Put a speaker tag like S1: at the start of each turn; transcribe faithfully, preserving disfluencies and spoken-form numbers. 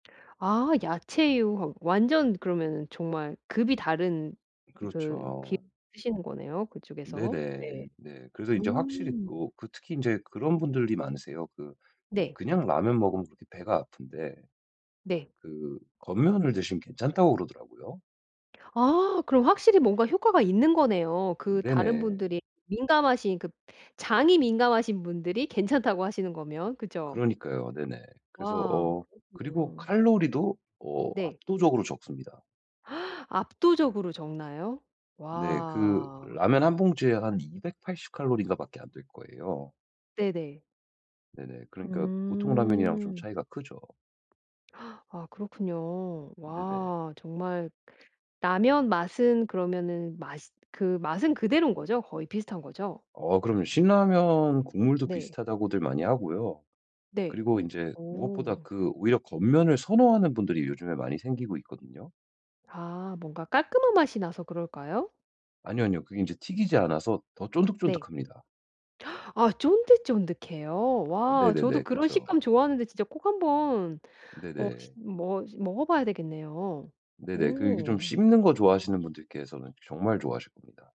S1: 아 야채유. 아 완전 그러면은 정말 급이 다른 그 기름을
S2: 그렇죠.
S1: 쓰시는 거네요, 그쪽에서.
S2: 네네.
S1: 네.
S2: 네. 그래서 인제 확실히
S1: 음.
S2: 또 그 특히 인제 그런 분들이 많으세요. 그
S1: 네.
S2: 그냥 라면 먹으면 그렇게 배가 아픈데
S1: 네.
S2: 그 건면을 드시면 괜찮다고 그러더라고요.
S1: 아 그럼 확실히 뭔가 효과가 있는 거네요. 그 다른
S2: 네네.
S1: 분들이 민감하신 그 장이 민감하신 분들이 괜찮다고 하시는 거면. 그죠?
S2: 그러니까요. 네네. 그래서
S1: 와
S2: 어 그리고
S1: 그렇군요.
S2: 칼로리도 어
S1: 네.
S2: 압도적으로 적습니다.
S1: 압도적으로 적나요?
S2: 네. 그
S1: 와.
S2: 라면 한 봉지에 한 이백팔십 칼로리인가 밖에 안 될 거예요.
S1: 네네.
S2: 네네. 그러니까 보통 라면이랑 좀
S1: 음.
S2: 차이가 크죠.
S1: 아 그렇군요.
S2: 네네.
S1: 와 정말 라면 맛은 그러면은 맛이 그 맛은 그대로인 거죠? 거의 비슷한 거죠?
S2: 어 그럼요. 신라면 국물도
S1: 네.
S2: 비슷하다고들 많이 하고요.
S1: 네.
S2: 그리고 인제 무엇보다
S1: 어.
S2: 그 오히려 건면을 선호하는 분들이 요즘에 많이 생기고 있거든요.
S1: 아 뭔가 깔끔한 맛이 나서 그럴까요?
S2: 아니요, 아니요. 그게 인제 튀기지 않아서 더
S1: 네.
S2: 쫀득쫀득합니다.
S1: 아 쫀득쫀득해요?
S2: 어
S1: 와 저도
S2: 네네네.
S1: 그런
S2: 그쵸.
S1: 식감 좋아하는데 진짜 꼭 한번 어 시
S2: 네네.
S1: 머 먹어봐야 되겠네요.
S2: 네네. 그리고 이게 좀
S1: 오.
S2: 씹는 거 좋아하시는 분들께서는 정말 좋아하십니다.